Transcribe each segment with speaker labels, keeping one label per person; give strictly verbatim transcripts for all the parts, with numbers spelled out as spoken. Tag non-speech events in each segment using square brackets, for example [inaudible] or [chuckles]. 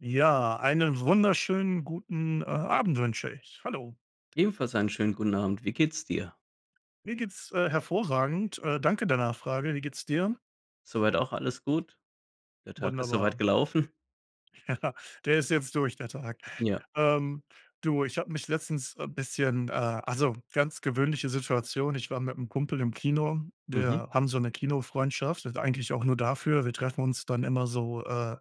Speaker 1: Ja. Einen wunderschönen guten, äh, Abend wünsche ich. Hallo.
Speaker 2: Ebenfalls einen schönen guten Abend. Wie geht es dir?
Speaker 1: Mir geht es, äh, hervorragend. Äh, danke der Nachfrage. Wie geht es dir?
Speaker 2: Soweit auch alles gut. Der Tag ist so weit
Speaker 1: Wunderbar.
Speaker 2: gelaufen.
Speaker 1: Ja, der ist jetzt durch der Tag.
Speaker 2: Ja.
Speaker 1: Ähm, du, ich habe mich letztens, äh, bisschen, äh also, ganz gewöhnliche Situation, ich war mit 'nem Kumpel im Kino.
Speaker 2: Mhm.
Speaker 1: Wir haben so 'ne Kinofreundschaft, eigentlich auch nur dafür. Wir treffen uns dann immer so äh,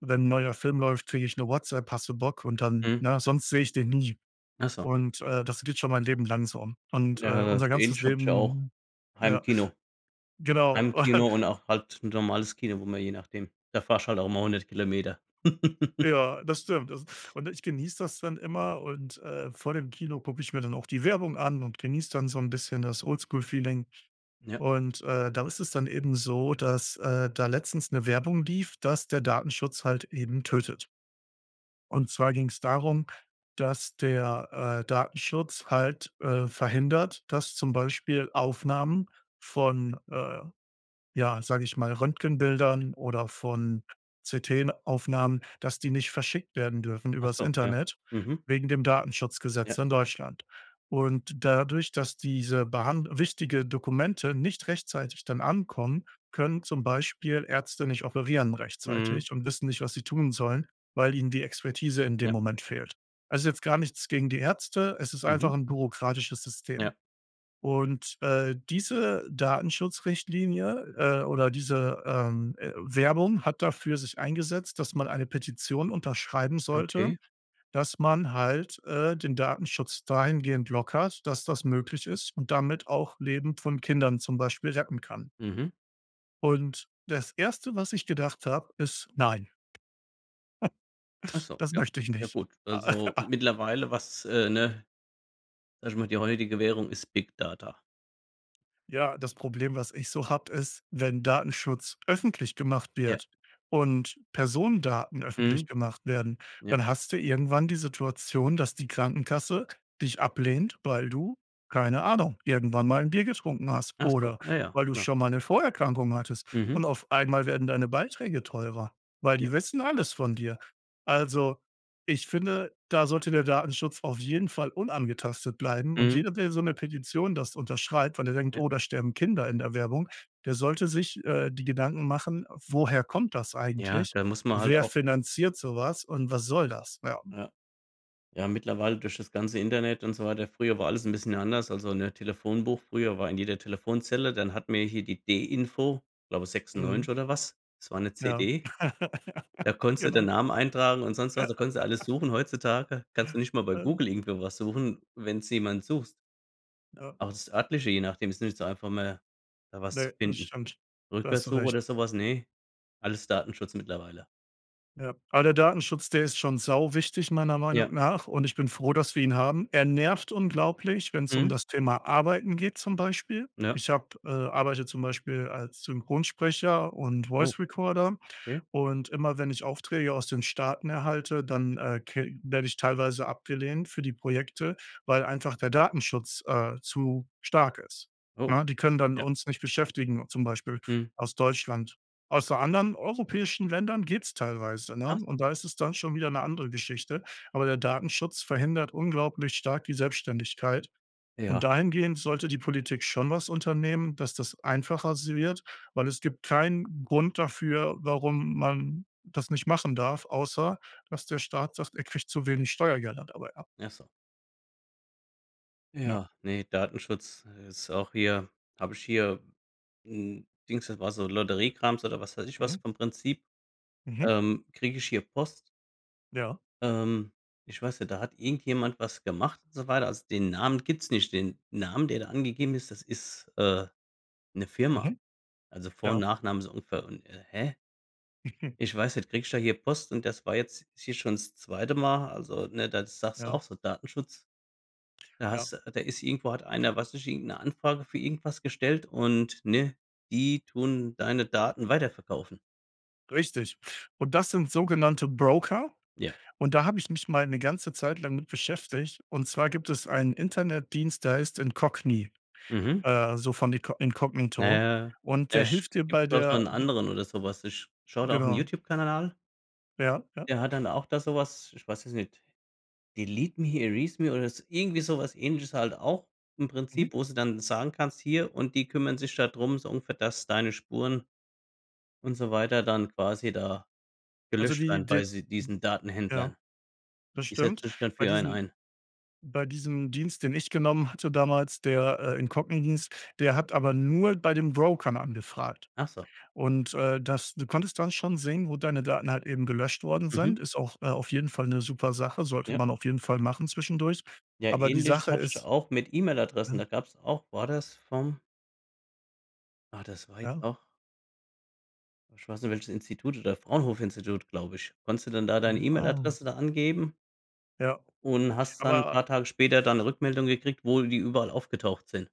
Speaker 1: wenn 'n neuer Film läuft, kriege ich 'ne WhatsApp: „Hast du Bock?“ Und dann,
Speaker 2: Mhm.
Speaker 1: ne, sonst sehe ich den nie.
Speaker 2: Ach so.
Speaker 1: Und, äh, das geht schon mein Leben lang so und, äh,
Speaker 2: Ja das,
Speaker 1: unser ganzes
Speaker 2: ähnlich habe ich auch
Speaker 1: Leben ja,
Speaker 2: Heimkino.
Speaker 1: genau
Speaker 2: Heimkino und
Speaker 1: [laughs]
Speaker 2: auch halt 'n normales Kino, wo man je nachdem da fährst du halt auch mal hundert Kilometer. [laughs]
Speaker 1: Ja, das stimmt, das und ich genieße das dann immer. Und, äh, vor dem Kino gucke ich mir dann auch die Werbung an und genieße dann so 'n bisschen das Old-School-Feeling
Speaker 2: Ja.
Speaker 1: und, äh, da ist es dann eben so, dass, äh, da letztens 'ne Werbung lief, dass der Datenschutz halt eben tötet. Und zwar ging es darum, dass der, äh, Datenschutz halt, äh, verhindert, dass zum Beispiel Aufnahmen von, äh, ja, sage ich mal Röntgenbildern oder von CTen-Aufnahmen, dass die nicht verschickt werden dürfen
Speaker 2: Ach
Speaker 1: übers
Speaker 2: so, ja.
Speaker 1: Internet,
Speaker 2: Mhm.
Speaker 1: wegen dem Datenschutzgesetz
Speaker 2: Ja.
Speaker 1: in Deutschland. Und dadurch, dass diese Behand wichtige Dokumente nicht rechtzeitig dann ankommen, können zum Beispiel Ärzte nicht operieren
Speaker 2: Mhm.
Speaker 1: rechtzeitig und wissen nicht, was sie tun sollen, weil ihnen die Expertise in dem
Speaker 2: Ja.
Speaker 1: Moment fehlt. Es ist jetzt gar nichts gegen die Ärzte. Es ist einfach
Speaker 2: Mhm.
Speaker 1: 'n bürokratisches System.
Speaker 2: Ja.
Speaker 1: Und, äh, diese Datenschutzrichtlinie, äh oder diese, ähm, äh, Werbung hat dafür sich eingesetzt, dass man eine Petition unterschreiben sollte,
Speaker 2: Okay.
Speaker 1: dass man halt, äh, den Datenschutz dahingehend lockert, dass das möglich ist und damit auch Leben von Kindern zum Beispiel retten kann.
Speaker 2: Mhm.
Speaker 1: Und, das erste, was ich gedacht habe, ist: „Nein.“
Speaker 2: Ach
Speaker 1: [chuckles]
Speaker 2: so,
Speaker 1: Das
Speaker 2: ja.
Speaker 1: möchte ich
Speaker 2: Ja,
Speaker 1: nicht.“
Speaker 2: gut. Also,
Speaker 1: [laughs]
Speaker 2: mittlerweile, was, äh ne? Erstmal, die heutige Währung ist Big Data.
Speaker 1: Ja. Das Problem, was ich so habe, ist wenn Datenschutz öffentlich gemacht
Speaker 2: Ja.
Speaker 1: wird und Personendaten öffentlich
Speaker 2: Mhm.
Speaker 1: gemacht werden,
Speaker 2: Ja.
Speaker 1: dann hast du irgendwann die Situation, dass die Krankenkasse dich ablehnt, weil du, keine Ahnung, irgendwann mal 'n Bier getrunken hast
Speaker 2: Ach so,
Speaker 1: oder
Speaker 2: ah ja,
Speaker 1: weil du
Speaker 2: klar.
Speaker 1: schon mal 'ne Vorerkrankung hattest.
Speaker 2: Mhm.
Speaker 1: Und, auf einmal werden deine Beiträge teurer, weil
Speaker 2: Ja.
Speaker 1: die wissen alles von dir. Also, ich finde, da sollte der Datenschutz auf jeden Fall unangetastet bleiben und
Speaker 2: Mhm.
Speaker 1: jeder, der so 'ne Petition das unterschreibt, weil er denkt:
Speaker 2: Ja.
Speaker 1: „Oh, da sterben Kinder in der Werbung“, der sollte sich, äh, die Gedanken machen: „Woher kommt das
Speaker 2: Ja,
Speaker 1: eigentlich?
Speaker 2: da muss man halt
Speaker 1: Wer
Speaker 2: auch
Speaker 1: finanziert so was? Und, was soll das?“ Ja.
Speaker 2: Ja. Ja, mittlerweile durch das ganze Internet und so weiter. Früher war alles 'n bisschen anders. Also, ne, Telefonbuch früher war in jeder Telefonzelle. Dann hatten wir hier die D-Info, glaube,
Speaker 1: Mhm.
Speaker 2: sechsundneunzig oder was? Das war 'ne
Speaker 1: Ja.
Speaker 2: CD. Da
Speaker 1: [laughs]
Speaker 2: konntest du den
Speaker 1: Genau.
Speaker 2: Namen eintragen und sonst was.
Speaker 1: Ja.
Speaker 2: Da konntest du alles
Speaker 1: [laughs]
Speaker 2: suchen. Heutzutage kannst du nicht mal bei
Speaker 1: Äh
Speaker 2: Google irgendwo was suchen, wenn du jemanden suchst.
Speaker 1: Ja.
Speaker 2: Auch das Örtliche, je nachdem ist nicht so einfach mehr da was zu
Speaker 1: Ne, das
Speaker 2: finden.
Speaker 1: stimmt. Da hast du
Speaker 2: Rückwärts-Suche
Speaker 1: recht.
Speaker 2: oder sowas, ne alles Datenschutz mittlerweile.
Speaker 1: Ja, aber der Datenschutz der ist schon sau wichtig, meiner
Speaker 2: Ja.
Speaker 1: Meinung nach. Und ich bin froh, dass wir ihn haben. Er nervt unglaublich, wenn's um
Speaker 2: Mhm.
Speaker 1: das Thema Arbeiten geht zum Beispiel.
Speaker 2: Ja.
Speaker 1: Ich habe, äh arbeite zum Beispiel als Synchronsprecher und
Speaker 2: Oh,
Speaker 1: Voice Recorder
Speaker 2: okay.
Speaker 1: und immer wenn ich Aufträge aus den Staaten erhalte, dann, äh, ke werde ich teilweise abgelehnt für die Projekte, weil einfach der Datenschutz, äh, zu stark ist,
Speaker 2: Oh,
Speaker 1: ne? Die können dann
Speaker 2: ja.
Speaker 1: uns nicht beschäftigen, zum Beispiel
Speaker 2: Mhm.
Speaker 1: aus Deutschland aus, äh, anderen europäischen Ländern geht's teilweise, ne?
Speaker 2: Ach so.
Speaker 1: Und da ist es dann schon wieder ‘ne andere Geschichte. Aber der Datenschutz verhindert unglaublich stark die Selbständigkeit und
Speaker 2: Ja.
Speaker 1: dahingehend sollte die Politik schon was unternehmen, dass das einfacher si wird. Weil es gibt keinen Grund dafür, warum man das nicht machen darf, außer dass der Staat sagt, er kriegt zu wenig Steuergelder dabei ab.
Speaker 2: Ach so.
Speaker 1: Ja.
Speaker 2: Ja. Ne, Datenschutz, äh, ist auch hier. Habe ich hier 'n Dings das war so Lotteriekrams oder was weiß ich was
Speaker 1: Mhm.
Speaker 2: vom Prinzip.
Speaker 1: Mhm.
Speaker 2: Ähm, kriege ich hier Post
Speaker 1: Ja.
Speaker 2: Ähm, ich weiß nicht. Da hat irgendjemand was gemacht und so weiter. Also, den Namen gibt's nicht. Den Namen, der da angegeben ist, das ist, äh, 'ne Firma.
Speaker 1: Mhm,
Speaker 2: Also, Vor und
Speaker 1: ja.
Speaker 2: Nachname ist ungefähr und, äh hä?
Speaker 1: [chuckles]
Speaker 2: Ich weiß nicht. Kriege ich da hier Post und das war jetzt hier schon das zweite Mal. Also, ne, da sagst du
Speaker 1: Ja.
Speaker 2: auch so: „Datenschutz.“ Da
Speaker 1: Ja.
Speaker 2: hast du da ist irgendwo hat einer, weiß nicht, irgendeine Anfrage für irgendwas gestellt und, ne? Die tun deine Daten weiterverkaufen.
Speaker 1: Richtig. Und, das sind sogenannte Broker.
Speaker 2: Ja.
Speaker 1: Und, da habe ich mich mal 'ne ganze Zeit lang mit beschäftigt. Und zwar, gibt es einen Internetdienst, der heißt “Incogni“,
Speaker 2: Mhm.
Speaker 1: äh, so von Inco Incognito.
Speaker 2: Naja,
Speaker 1: Und, der
Speaker 2: Pech.
Speaker 1: hilft dir
Speaker 2: Gibt
Speaker 1: bei
Speaker 2: doch schon
Speaker 1: der
Speaker 2: 'n
Speaker 1: b
Speaker 2: anderen oder sowas. Ich schaue da auch 'n
Speaker 1: Genau.
Speaker 2: YouTube-Kanal an
Speaker 1: Ja, ja?
Speaker 2: der hat dann auch da sowas, ich weiß es nicht: Delete me, Erase me oder so irgendwie sowas ähnliches halt auch im
Speaker 1: Mhm.
Speaker 2: Prinzip, wo sie dann sagen, kannst: „Hier“ und die kümmern sich da drum, so ungefähr, dass deine Spuren und so weiter dann quasi da
Speaker 1: Also
Speaker 2: gelöscht
Speaker 1: die
Speaker 2: werden
Speaker 1: d
Speaker 2: bei sie diesen
Speaker 1: ja.
Speaker 2: Datenhändlern.
Speaker 1: Das
Speaker 2: Sie
Speaker 1: stimmt.
Speaker 2: setzen sich dann
Speaker 1: Bei
Speaker 2: für einen
Speaker 1: diesen
Speaker 2: ein.
Speaker 1: bei diesem Dienst, den ich genommen hatte damals, der, äh, "Incogni" hieß, der hat aber nur bei den Brokern angefragt.
Speaker 2: Ach so.
Speaker 1: Und, äh, das du konntest dann schon sehen, wo deine Daten halt eben gelöscht worden
Speaker 2: Mhm.
Speaker 1: sind. Ist auch, äh, auf jeden Fall 'ne super Sache. Sollte
Speaker 2: Ja.
Speaker 1: man auf jeden Fall machen zwischendurch.
Speaker 2: Ja,
Speaker 1: Aber, die
Speaker 2: ähnliches
Speaker 1: Sache
Speaker 2: hatte ich
Speaker 1: ist
Speaker 2: auch mit E-Mail-Adressen.
Speaker 1: ja?
Speaker 2: Da gab's auch war das vom Ah, das war jetzt
Speaker 1: Ja.
Speaker 2: auch ich weiß nicht, welches Institut oder Fraunhofer-Institut, glaube ich. Konntest du dann da deine
Speaker 1: Mhm, ah.
Speaker 2: E-Mail-Adresse da angeben
Speaker 1: Ja.
Speaker 2: .Und hast dann ‘n
Speaker 1: Aber
Speaker 2: paar Tage später da ‘ne Rückmeldung gekriegt, wo die überall aufgetaucht sind.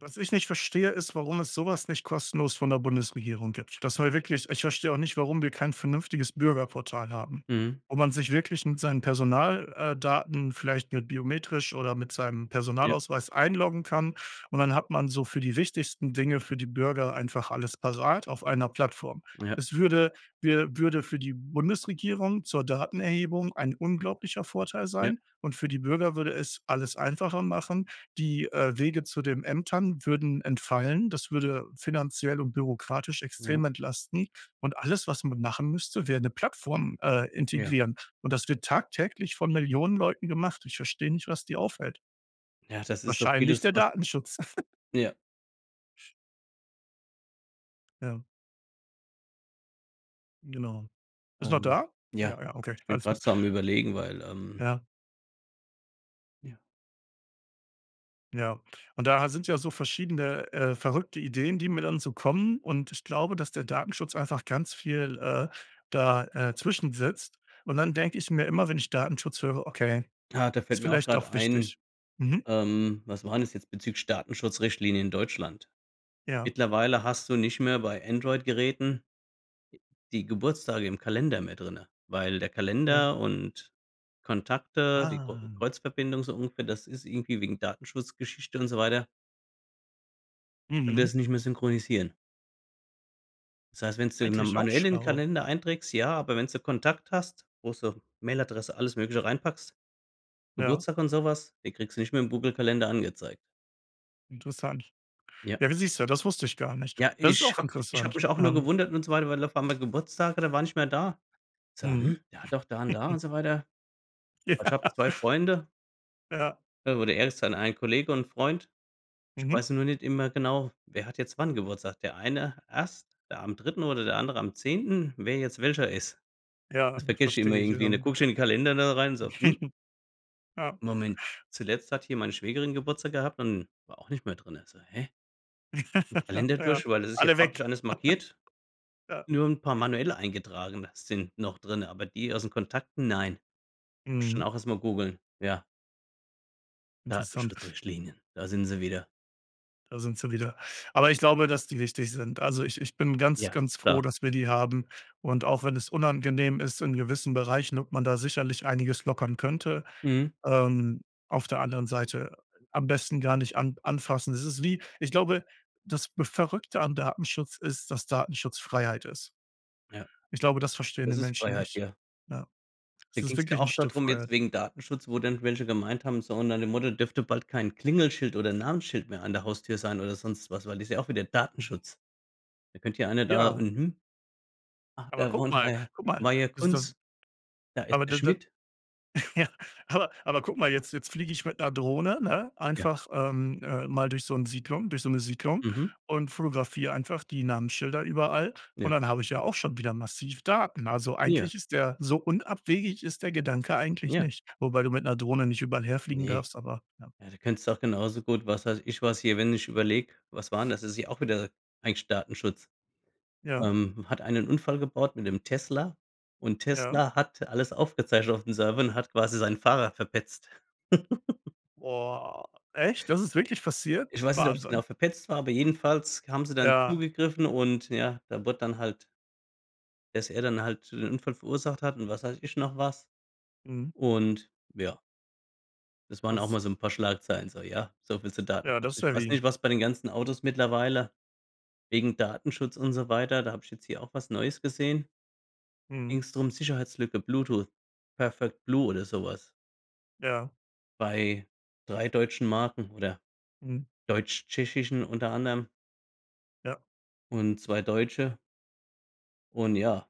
Speaker 1: was ich nicht verstehe, ist, warum es sowas nicht kostenlos von der Bundesregierung gibt. Das soll wirklich ich verstehe auch nicht, warum wir kein vernünftiges Bürgerportal haben,
Speaker 2: Mhm.
Speaker 1: wo man sich wirklich mit seinen Personal äh, Daten vielleicht mit biometrisch oder mit seinem
Speaker 2: Ja.
Speaker 1: Personalausweis einloggen kann. Und, dann hat man so für die wichtigsten Dinge für die Bürger einfach alles parat auf einer Plattform.
Speaker 2: Ja.
Speaker 1: Es würde wir würde für die Bundesregierung zur Datenerhebung ein unglaublicher Vorteil
Speaker 2: Ja.
Speaker 1: sein und für die Bürger würde es alles einfacher machen. Die, äh, Wege zu den Ämtern würden entfallen, das würde finanziell und bürokratisch
Speaker 2: Ja.
Speaker 1: extrem entlasten und alles, was man machen müsste, wäre ‘ne Plattform, äh,
Speaker 2: Ja.
Speaker 1: integrieren. Und, das wird tagtäglich von Millionen Leuten gemacht. Ich verstehe nicht, was die aufhält.
Speaker 2: Ja, das ist so
Speaker 1: Wahrscheinlich
Speaker 2: vieles,
Speaker 1: der
Speaker 2: was
Speaker 1: Datenschutz. [laughs]
Speaker 2: Ja.
Speaker 1: Ja. Genau. Bist noch
Speaker 2: Ähm,
Speaker 1: da?
Speaker 2: ja,
Speaker 1: Ja, ja, okay.
Speaker 2: ich bin
Speaker 1: Alles
Speaker 2: grade
Speaker 1: gut.
Speaker 2: so am Überlegen, weil, ähm
Speaker 1: Ja.
Speaker 2: Ja.
Speaker 1: Ja, und da sind ja so verschiedene, äh, verrückte Ideen, die mir dann so kommen. Und ich glaube, dass der Datenschutz einfach ganz viel, äh, da äh, zwischen sitzt. Und dann denke ich mir immer, wenn ich Datenschutz höre: „Okay,
Speaker 2: Ja, da fällt
Speaker 1: ist
Speaker 2: mir auch
Speaker 1: vielleicht
Speaker 2: grade
Speaker 1: doch
Speaker 2: ein,
Speaker 1: wichtig.“ Mhm.
Speaker 2: ähm, was waren das jetzt, bezüglich Datenschutzrichtlinien in Deutschland?
Speaker 1: Ja.
Speaker 2: Mittlerweile hast du nicht mehr bei Android-Geräten die Geburtstage im Kalender mehr drinnen, weil der
Speaker 1: Ja.
Speaker 2: Kalender und Kontakte, die Kr
Speaker 1: Ah.
Speaker 2: Kreuzverbindung so ungefähr, das ist irgendwie wegen Datenschutz-Geschichte und so weiter können
Speaker 1: Mhm.
Speaker 2: das nicht mehr synchronisieren. Das heißt, wenn's du
Speaker 1: Eigentlich auch
Speaker 2: manuell im
Speaker 1: schlau.
Speaker 2: Kalender einträgst, ja, aber wenn's so Kontakt hast, wo so Mail-Adresse, alles Mögliche reinpackst,
Speaker 1: Ja.
Speaker 2: Geburtstag und sowas, den kriegst du nicht mehr im Google-Kalender angezeigt.
Speaker 1: Interessant.
Speaker 2: Ja.
Speaker 1: Ja, wie siehst du? Das wusste ich gar nicht.
Speaker 2: Ja,
Speaker 1: Das ist
Speaker 2: ich
Speaker 1: auch
Speaker 2: habe. Ich habe
Speaker 1: interessant,
Speaker 2: mich auch nur
Speaker 1: ähm.
Speaker 2: gewundert und so weiter, weil auf einmal Geburtstage und der war nicht mehr da. So:
Speaker 1: Mhm.
Speaker 2: „Hm, doch da und da“ und
Speaker 1: [chuckles]
Speaker 2: so weiter.
Speaker 1: Ja.
Speaker 2: Also, ich habe zwei Freunde.
Speaker 1: Ja.
Speaker 2: Da wurde erst dann ein Kollege und Freund. Ich
Speaker 1: Mhm.
Speaker 2: weiß nur nicht immer genau: „Wer hat jetzt wann Geburtstag?“ Der eine erst, ja, am dritten oder der andere am zehnten.. Wer jetzt welcher ist,
Speaker 1: Ja,
Speaker 2: das vergesse ich immer
Speaker 1: verstehe ich.
Speaker 2: irgendwie und dann
Speaker 1: Ähm.
Speaker 2: gucke ich in den Kalender da rein, so: „Hm?“
Speaker 1: [laughs] Ja.
Speaker 2: „Moment. Zuletzt hat hier meine Schwägerin Geburtstag gehabt und war auch nicht mehr drinnen.“ So: „Hä?“
Speaker 1: [laughs]
Speaker 2: Kalender
Speaker 1: Ja,
Speaker 2: durch, weil das ist ja
Speaker 1: alle weg.
Speaker 2: farblich alles
Speaker 1: [laughs]
Speaker 2: markiert.
Speaker 1: Ja.
Speaker 2: Nur 'n paar manuell eingetragene sind noch drinne, aber die aus den Kontakten, nein. Muss ich dann
Speaker 1: Mhm.
Speaker 2: auch erstmal googeln, ja.
Speaker 1: Interessant.
Speaker 2: Datenschutzrichtlinien. Da sind sie wieder.
Speaker 1: Da sind sie wieder. Aber ich glaube, dass die wichtig sind. Also, ich ich bin ganz,
Speaker 2: Ja,
Speaker 1: ganz
Speaker 2: ist
Speaker 1: froh,
Speaker 2: klar.
Speaker 1: dass wir die haben. Und auch wenn es unangenehm ist, in gewissen Bereichen, und man da sicherlich einiges lockern könnte,
Speaker 2: Mhm.
Speaker 1: ähm, auf der anderen Seite am besten gar nicht an anfassen. Das ist wie ich glaube, das Verrückte an Datenschutz ist, dass Datenschutz Freiheit ist.
Speaker 2: Ja.
Speaker 1: Ich glaube, das verstehen die
Speaker 2: Das ist
Speaker 1: Menschen
Speaker 2: Freiheit,
Speaker 1: nicht.
Speaker 2: ja.
Speaker 1: Ja.
Speaker 2: Da
Speaker 1: Das
Speaker 2: ging
Speaker 1: ist
Speaker 2: es ja
Speaker 1: wirklich 'n
Speaker 2: auch da
Speaker 1: Stück
Speaker 2: drum, jetzt
Speaker 1: Freiheit.
Speaker 2: wegen Datenschutz, wo dann welche gemeint haben, so und nach dem Motto dürfte bald kein Klingelschild oder Namensschild mehr an der Haustür sein oder sonst was, weil das ist ja auch wieder Datenschutz. Da könnte ja einer da,
Speaker 1: Ja.
Speaker 2: mhm. „Ach,
Speaker 1: Aber
Speaker 2: da
Speaker 1: guck
Speaker 2: wohnt
Speaker 1: mal,
Speaker 2: Herr
Speaker 1: guck mal, das das,
Speaker 2: Maier-Kunz. Da ist
Speaker 1: aber
Speaker 2: der
Speaker 1: da da
Speaker 2: Schmidt.“
Speaker 1: ja. Aber aber guck mal, jetzt jetzt fliege ich mit 'ner Drohne, ne,
Speaker 2: Ja.
Speaker 1: einfach, ähm, äh, mal durch so 'n Siedlung durch so 'ne Siedlung
Speaker 2: Mhm.
Speaker 1: und fotografiere einfach die Namensschilder überall. Und
Speaker 2: Ja.
Speaker 1: dann habe ich ja auch schon wieder massiv Daten. Also,
Speaker 2: Ja.
Speaker 1: eigentlich ist der so unabwegig ist der Gedanke eigentlich
Speaker 2: Ja.
Speaker 1: nicht, wobei du mit 'ner Drohne nicht überall herfliegen
Speaker 2: Ne.
Speaker 1: darfst. Aber, ja.
Speaker 2: Ja, da könntest auch genauso gut, was weiß ich was hier. Wenn ich überlege, was war denn das? Das ist ja auch wieder eigentlich Datenschutz.
Speaker 1: Ja.
Speaker 2: Ähm, „hat einer 'n Unfall gebaut mit 'nem Tesla und
Speaker 1: Ja.
Speaker 2: Tesla hat alles aufgezeichnet auf dem Server und hat quasi seinen Fahrer verpetzt“. [chuckles]
Speaker 1: Boah, echt? Das ist wirklich passiert?
Speaker 2: Ich weiß nicht, ob's genau
Speaker 1: Wahnsinn.
Speaker 2: verpetzt war, aber jedenfalls haben sie dann
Speaker 1: Ja.
Speaker 2: zugegriffen. Und ja, da wurde dann halt Dass er dann halt den Unfall verursacht hat und was weiß ich noch was.
Speaker 1: Mhm.
Speaker 2: Und, ja. Das waren auch
Speaker 1: Krass.
Speaker 2: mal so 'n paar Schlagzeilen. So, ja. So viel zu
Speaker 1: Ja, das
Speaker 2: Datenschutz.
Speaker 1: ist
Speaker 2: Ich weiß
Speaker 1: heavy.
Speaker 2: nicht, was bei den ganzen Autos mittlerweile wegen Datenschutz und so weiter, da habe ich jetzt hier auch was Neues gesehen.
Speaker 1: Mhm.
Speaker 2: Ging‘s drum, Sicherheitslücke, Bluetooth, Perfect Blue oder sowas.
Speaker 1: Ja.
Speaker 2: Bei drei deutschen Marken oder
Speaker 1: Mhm.
Speaker 2: deutsch-tschechischen unter anderem
Speaker 1: Ja.
Speaker 2: und zwei Deutsche. Und ja,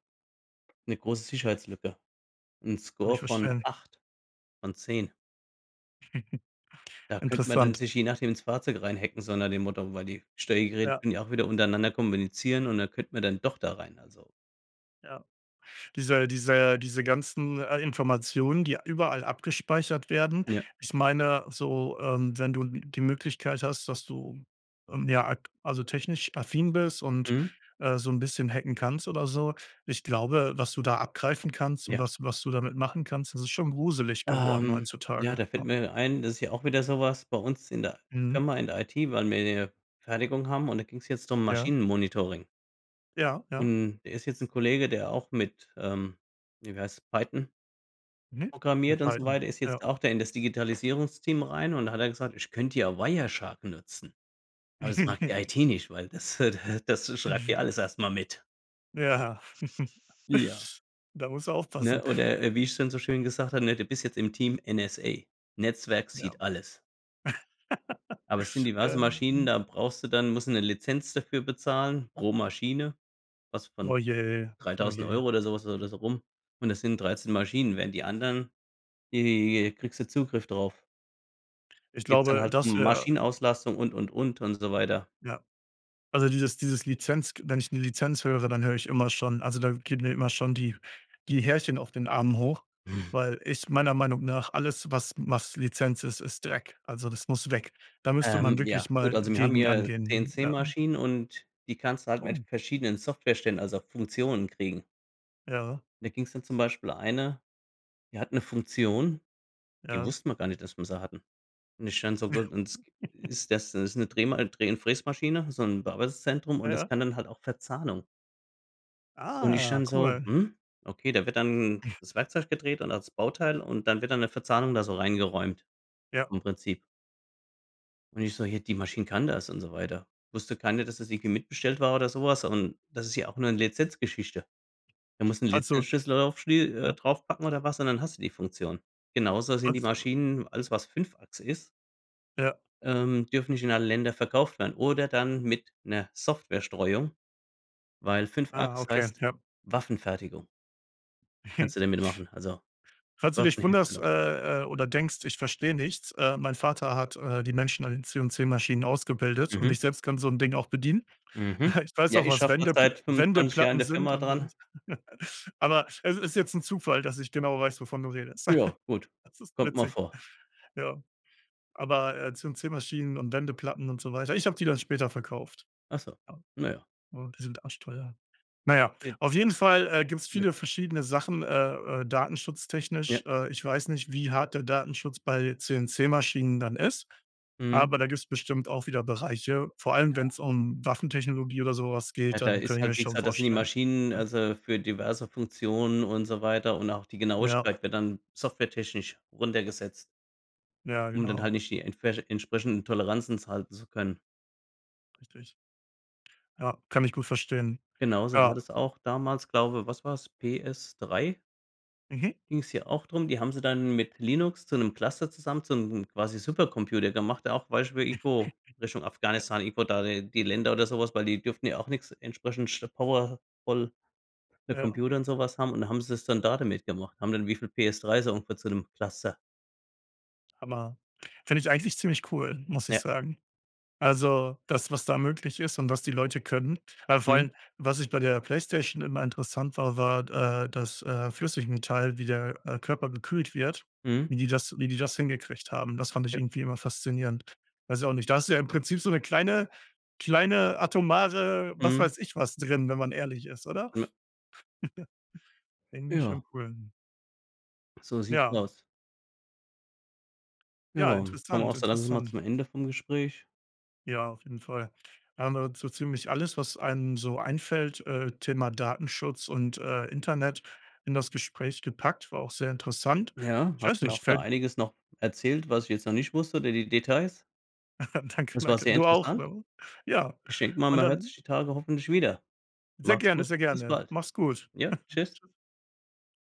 Speaker 2: 'ne große Sicherheitslücke, 'n
Speaker 1: Kann
Speaker 2: Score
Speaker 1: ich
Speaker 2: von
Speaker 1: verstehen.
Speaker 2: acht von zehn.
Speaker 1: [chuckles]
Speaker 2: Da könnte man dann
Speaker 1: Interessant.
Speaker 2: sich, je nachdem, ins Fahrzeug reinhacken, so nach dem Motto, weil die Steuergeräte
Speaker 1: Ja.
Speaker 2: können ja auch wieder untereinander kommunizieren und dann könnte man dann doch da rein, also
Speaker 1: Ja, diese diese diese ganzen, äh, Informationen, die überall abgespeichert werden
Speaker 2: Ja.
Speaker 1: ich meine so, ähm, wenn du die Möglichkeit hast, dass du, ähm, ja, ak also technisch affin bist und,
Speaker 2: Mhm.
Speaker 1: äh, so 'n bisschen hacken kannst oder so ich glaube, was du da abgreifen kannst und
Speaker 2: Ja.
Speaker 1: was was du damit machen kannst, das ist schon gruselig geworden
Speaker 2: Ähm, ja,
Speaker 1: heutzutage,
Speaker 2: da fällt
Speaker 1: ne?
Speaker 2: mir ein, das ist ja auch wieder sowas, bei uns in der
Speaker 1: Mhm.
Speaker 2: Firma, in der IT, weil wir hier Fertigung haben und, da ging's jetzt drum
Speaker 1: Ja?
Speaker 2: Maschinen-Monitoring.
Speaker 1: Ja, ja.
Speaker 2: Und der ist jetzt 'n Kollege, der auch mit, ähm, hier wie heißt Python
Speaker 1: Mhm, mit
Speaker 2: programmiert und so
Speaker 1: Python,
Speaker 2: weiter ist jetzt
Speaker 1: ja.
Speaker 2: auch da in das Digitalisierungsteam rein. Und da hat er gesagt: „Ich könnte ja Wireshark nutzen. Aber das mag die
Speaker 1: [laughs]
Speaker 2: IT nicht, weil das, äh, da das schreibt
Speaker 1: Mhm.
Speaker 2: dir alles erst mal mit.“
Speaker 1: Ja.
Speaker 2: Ja.
Speaker 1: [laughs] Da muss er aufpassen.
Speaker 2: Ne, oder wie ich es dann so schön gesagt habe, ne: „Du bist jetzt im Team NSA. Netzwerk
Speaker 1: Ja.
Speaker 2: sieht alles.“ Aber es sind
Speaker 1: [laughs]
Speaker 2: diverse
Speaker 1: Ja.
Speaker 2: Maschinen,
Speaker 1: Mhm.
Speaker 2: da brauchst du dann musst du 'ne Lizenz dafür bezahlen. Pro Maschine, was von
Speaker 1: Oh je, oh
Speaker 2: dreitausend
Speaker 1: je.
Speaker 2: Euro oder sowas oder da so rum. Und das sind dreizehn Maschinen. Während die anderen die kriegst du Zugriff drauf.
Speaker 1: Ich
Speaker 2: Geht's dann
Speaker 1: glaube,
Speaker 2: halt
Speaker 1: dass
Speaker 2: um
Speaker 1: wäre
Speaker 2: Maschinenauslastung und, und, und, und so weiter.
Speaker 1: Ja. Also dieses dieses Lizenz g wenn ich nur Lizenz höre, dann höre ich immer schon also, da geht mir immer schon die die Härchen auf den Armen hoch,
Speaker 2: [chuckles]
Speaker 1: weil ich meiner Meinung nach alles was was Lizenz ist, ist Dreck. Also, das muss weg. Da müsste man
Speaker 2: Ähm. Ja,
Speaker 1: wirklich
Speaker 2: gut.
Speaker 1: mal
Speaker 2: Also, wir haben
Speaker 1: gegen
Speaker 2: hier
Speaker 1: angehen. Ja.
Speaker 2: CNC-Maschinen. Und die kannst du halt mit
Speaker 1: Oh.
Speaker 2: verschiedenen Software-Ständen, also Funktionen, kriegen.
Speaker 1: Ja.
Speaker 2: Da ging es dann zum Beispiel eine, die hat 'ne Funktion, die
Speaker 1: Ja.
Speaker 2: wussten wir gar nicht, dass wir sie hatten. Und ich dann so: „W und s
Speaker 1: [chuckles]
Speaker 2: ist das?“ Ist 'ne Dreh Dreh und Fräsmaschine, so 'n Bearbeitungszentrum.
Speaker 1: Ja,
Speaker 2: Und das
Speaker 1: ja.
Speaker 2: kann dann halt auch Verzahnung. Und ich
Speaker 1: Ah,
Speaker 2: dann so:
Speaker 1: cool.
Speaker 2: „Hm, okay.“ Da wird dann
Speaker 1: [blows air]
Speaker 2: das Werkzeug gedreht und das Bauteil. Und dann wird dann 'ne Verzahnung da so reingeräumt,
Speaker 1: Ja.
Speaker 2: im Prinzip. Und ich so: „Ja, die Maschine kann das und so weiter.“ Wusste keiner, dass das irgendwie mitbestellt war oder sowas. Und das ist ja auch 'ne Lizenzgeschichte. Da musst du 'n
Speaker 1: Also,
Speaker 2: Lizenzschlüssel drauf schlie äh,
Speaker 1: ja.
Speaker 2: draufpacken oder was und dann hast du die Funktion. Genauso sind
Speaker 1: Und,
Speaker 2: die
Speaker 1: äh, w
Speaker 2: Maschinen alles was fünf Achse ist
Speaker 1: Ja.
Speaker 2: ähm, dürfen nicht in alle Ländern verkauft werden, oder dann mit 'ner Software Streuung, weil fünf
Speaker 1: Ah,
Speaker 2: Achs
Speaker 1: okay,
Speaker 2: heißt
Speaker 1: ja.
Speaker 2: Waffenfertigung.
Speaker 1: [chuckles]
Speaker 2: Kannst du damit machen also,
Speaker 1: Falls du dich wunderst,
Speaker 2: Waffenherstellung.
Speaker 1: äh, äh, oder denkst, ich verstehe nichts, äh, mein Vater hat, äh, die Menschen an den CNC-Maschinen ausgebildet. Und
Speaker 2: Mhm.
Speaker 1: ich selbst kann so 'n Ding auch bedienen.
Speaker 2: Mhm,
Speaker 1: [scoffs] Ich weiß
Speaker 2: ja,
Speaker 1: auch,
Speaker 2: ich
Speaker 1: was
Speaker 2: schaffe da
Speaker 1: Wendepl
Speaker 2: seit fünfundzwanzig Jahren in
Speaker 1: Wendeplatten
Speaker 2: der
Speaker 1: sind
Speaker 2: Firma
Speaker 1: und ei.
Speaker 2: dran.
Speaker 1: [laughs] Aber es ist jetzt 'n Zufall, dass ich genau weiß, wovon du redest.
Speaker 2: Ja,
Speaker 1: [chuckles]
Speaker 2: gut.
Speaker 1: Das ist
Speaker 2: Kommt mal
Speaker 1: witzig.
Speaker 2: vor.
Speaker 1: Ja, aber, äh, CNC-Maschinen und Wendeplatten und so weiter ich habe die dann später verkauft.
Speaker 2: Ach so.
Speaker 1: Ja.
Speaker 2: Na ja.
Speaker 1: Ja, die sind arschteuer. Na ja,
Speaker 2: It
Speaker 1: auf jeden Fall, äh, gibt es viele
Speaker 2: Möglich.
Speaker 1: verschiedene Sachen, äh, äh, Datenschutztechnisch.
Speaker 2: Ja.
Speaker 1: Äh, ich weiß nicht, wie hart der Datenschutz bei CNC-Maschinen dann ist,
Speaker 2: Mhm.
Speaker 1: aber da gibt es bestimmt auch wieder Bereiche. Vor allem, wenn
Speaker 2: Ja.
Speaker 1: es um Waffentechnologie oder sowas
Speaker 2: Ja,
Speaker 1: geht,
Speaker 2: da
Speaker 1: dann kann
Speaker 2: ist
Speaker 1: ich mir
Speaker 2: halt, wie
Speaker 1: schon
Speaker 2: gesagt da sind die
Speaker 1: vorstellen.
Speaker 2: Maschinen
Speaker 1: Ja.
Speaker 2: also, für diverse Funktionen und so weiter. Und auch die
Speaker 1: Ja.
Speaker 2: Genauigkeit wird dann softwaretechnisch runtergesetzt.
Speaker 1: Ja,
Speaker 2: Um dann halt
Speaker 1: genau.
Speaker 2: nicht die entsprech entsprechenden Toleranzen zu halten zu können.
Speaker 1: Richtig. Ja, kann ich gut verstehen.
Speaker 2: Genau so war
Speaker 1: Ja.
Speaker 2: das auch damals, glaube was war's? PS3?
Speaker 1: Mhm.
Speaker 2: Ging's ja auch drum die haben sie dann mit Linux zu ‘nem Cluster zusammen, zu ‘nem quasi Supercomputer gemacht, auch Beispiel irgendwo
Speaker 1: [chuckles]
Speaker 2: Richtung
Speaker 1: Ja.
Speaker 2: Afghanistan, irgendwo da die die Länder oder sowas, weil die durften ja auch nix entsprechend sch power ful
Speaker 1: Ja.
Speaker 2: Computer und sowas haben. Und, dann haben sie es dann da damit gemacht. Haben dann wie viel PS3 so ungefähr zu ‘nem Cluster
Speaker 1: Hammer. Finde ich eigentlich ziemlich cool, muss ich
Speaker 2: Ja.
Speaker 1: sagen. Also, das was da möglich ist und was die Leute können, aber vor
Speaker 2: Mhm.
Speaker 1: allem, was ich bei der PlayStation immer interessant war, war, äh, das, äh, Flüssigmetall, wie der, äh, Körper gekühlt wird,
Speaker 2: Mhm.
Speaker 1: wie die das wie die das hingekriegt haben. Das fand ich
Speaker 2: Ja.
Speaker 1: irgendwie immer faszinierend. Weiß ich auch nicht. Da hast du ja im Prinzip so ‘ne kleine kleine atomare, was
Speaker 2: Mhm.
Speaker 1: weiß ich was drin, wenn man ehrlich ist, oder?
Speaker 2: Me
Speaker 1: [giggles] Ja. Irgendwie
Speaker 2: Ja.
Speaker 1: schon cool.
Speaker 2: So sieht's
Speaker 1: Ja.
Speaker 2: aus. Ja,
Speaker 1: Ja,
Speaker 2: kommen wir auch
Speaker 1: interessant,
Speaker 2: so langsam mal
Speaker 1: interessant.
Speaker 2: zum Ende vom Gespräch.
Speaker 1: Ja, auf jeden Fall. Da haben wir so ziemlich alles, was einem so einfällt, äh, Thema Datenschutz und, äh, Internet in das Gespräch gepackt, war auch sehr interessant.
Speaker 2: Ja.
Speaker 1: Ich
Speaker 2: Hast
Speaker 1: weiß
Speaker 2: du mir
Speaker 1: nicht,
Speaker 2: auch da
Speaker 1: fällt
Speaker 2: einiges noch erzählt, was ich jetzt noch nicht wusste, De De Details.
Speaker 1: [laughs] Danke,
Speaker 2: Das war
Speaker 1: danke.
Speaker 2: sehr
Speaker 1: Du auch,
Speaker 2: interessant.
Speaker 1: ne? Ja,
Speaker 2: Ich denke mal,
Speaker 1: und
Speaker 2: man hört
Speaker 1: dann
Speaker 2: sich die Tage hoffentlich wieder.
Speaker 1: Sehr
Speaker 2: Mach‘s
Speaker 1: gerne,
Speaker 2: gut.
Speaker 1: sehr
Speaker 2: Bis
Speaker 1: gerne.
Speaker 2: bald.
Speaker 1: Mach‘s gut.
Speaker 2: Ja,
Speaker 1: [laughs]
Speaker 2: tschüss.
Speaker 1: Tschüss.